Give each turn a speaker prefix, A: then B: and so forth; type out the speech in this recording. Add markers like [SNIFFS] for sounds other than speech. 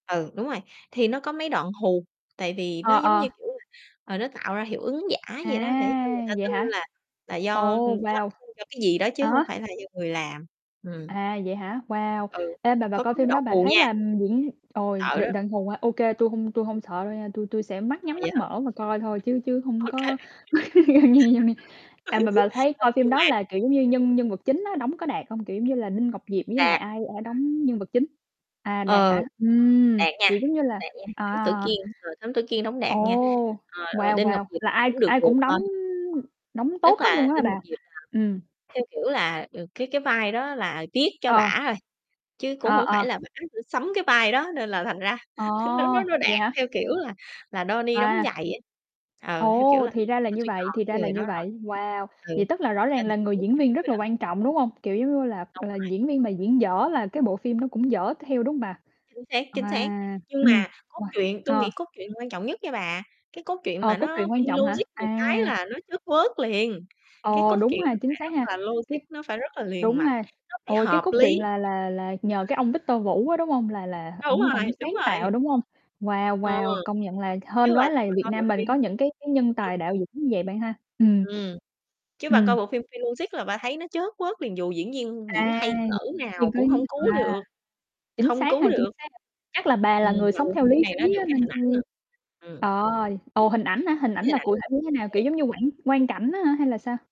A: Ừ, đúng rồi, thì nó có mấy đoạn hù, tại vì nó,
B: Ờ,
A: giống
B: ờ.
A: như, kiểu là, ờ, nó tạo ra hiệu ứng giả
B: À,
A: vậy đó, để cho người ta
B: vậy
A: tin
B: hả?
A: là là do, ừm,
B: Ồ, wow.
A: [UNINTELLIGIBLE] do cái gì đó chứ
B: À
A: hông
B: há?
A: phải là do người làm, ừm.
B: À, vậy hả? Wow.
A: Ừ,
B: Ê, mà bà
A: có
B: coi
A: có mấy
B: phim đó
A: đoạn
B: bà
A: hù
B: thấy
A: nha.
B: là, ừm, diễn ôi
A: Sợ
B: được
A: đó.
B: [UNINTELLIGIBLE] hả? Ô kê, tui hông tui hông sợ đâu nha, tui tui sẽ mắt
A: À,
B: nhắm,
A: vậy
B: mắt
A: hả?
B: mở và coi thôi, chứ chứ hông
A: Ô kê. [LAUGHS]
B: có [LAUGHS] [UNINTELLIGIBLE] à, mà bà thấy
A: Ờ,
B: coi phim
A: nhưng
B: đó
A: mà
B: là, kiểu, giống như nhân nhân vật chính á, đóng có đạt hông? Kiểu, giống như là, Đinh Ngọc Diệp với lại
A: Đạt.
B: ai, ờ, đóng nhân vật chính? À, đạt
A: Ờ,
B: hả? Ừm,
A: đạt nha,
B: kiểu, giống như là
A: đạt nha, Thám tử
B: à.
A: Kiên, ờ, Thám tử Kiên đóng
B: Ồ,
A: đạt nha, ờ, ơ,
B: wow,
A: Đinh Ngọc
B: wow,
A: Diệp
B: là
A: thì
B: ai
A: cũng được
B: ai
A: được
B: cũng
A: thôi.
B: đóng đóng tốt
A: Tức
B: hết
A: là
B: luôn á
A: Đinh
B: bà?
A: Ngọc Diệp là,
B: Ừm.
A: theo kiểu là, ờ, cái cái vai đó là viết cho
B: Ờ.
A: bả rồi, chứ cũng
B: Ờ,
A: hông phải
B: ờ.
A: là bả phải sắm cái vai đó, nên là thành ra
B: Ồ,
A: nó nó nó
B: vậy
A: đạt
B: hả?
A: theo, kiểu là là, đo ni đóng
B: À.
A: giày á, ờ, theo kiểu
B: Ồ,
A: là,
B: thì ra là
A: ờ,
B: như
A: tôi
B: vậy, thì
A: chọn
B: ra
A: cái
B: là
A: người đó
B: như
A: rồi,
B: vậy, wow,
A: ừ,
B: vậy tức là rõ ràng
A: nên là
B: là
A: tôi
B: người
A: biết
B: diễn
A: chắc
B: viên
A: chắn
B: rất
A: rồi
B: là
A: đó.
B: quan trọng, đúng hông? Kiểu, giống như là
A: Đúng
B: là
A: rồi.
B: diễn viên mà diễn dở là cái bộ phim nó cũng dở theo, đúng hông bà?
A: Chính xác, chính xác.
B: À,
A: Nhưng
B: ừm,
A: mà cốt
B: [UNINTELLIGIBLE]
A: truyện tôi
B: ờ.
A: nghĩ cốt truyện quan trọng nhất nha bà, cái cốt truyện
B: Ờ,
A: mà
B: cốt
A: nó
B: truyện quan
A: phi
B: trọng hả?
A: logic một cái
B: À.
A: là nó chớt quớt liền, cái
B: Ờ,
A: cốt
B: đúng
A: truyện
B: ha,
A: nó
B: chính
A: phải
B: xác
A: rất
B: ha,
A: là logic,
B: cái
A: nó phải rất là liền
B: đúng
A: mạch,
B: ha,
A: nó phải
B: ôi, cái
A: hợp
B: cốt
A: lý.
B: truyện là là là nhờ cái ông Victor Vũ á, đúng hông? Là là
A: Đúng
B: ổng ổng
A: rồi, đúng
B: sáng
A: rồi.
B: tạo, đúng hông? Wow,
A: Ừ.
B: wow, công nhận là
A: Chứ
B: hên
A: bà
B: quá là
A: mà
B: Việt
A: coi bộ
B: Nam mình
A: phim
B: có những cái cái nhân
A: [UNINTELLIGIBLE]
B: tài đạo diễn như vậy bạn ha? Ừm. [SNIFFS]
A: Ừm. Chứ bà coi
B: Ừm.
A: bộ phim phi logic là bà thấy nó chớt quớt liền, dù diễn viên diễn
B: À.
A: hay cỡ nào cũng hông
B: [UNINTELLIGIBLE]
A: cứu
B: À,
A: được,
B: chính
A: không
B: xác
A: cứu
B: ha? Chính
A: được.
B: xác ha? Chắc là bà là
A: Ừm,
B: người
A: mà
B: sống
A: bộ
B: theo
A: phim
B: lý
A: này nó
B: trí
A: được
B: á,
A: cái
B: nên
A: hình ảnh nữa.
B: [UNINTELLIGIBLE]
A: Ừm.
B: ờ, ồ, hình ảnh hả?
A: Được
B: Hình
A: cái
B: ảnh
A: hình
B: là
A: ảnh
B: cụ thể như thế nào? Kiểu,
A: đẹp.
B: giống như quảng quang cảnh á hả hay là sao?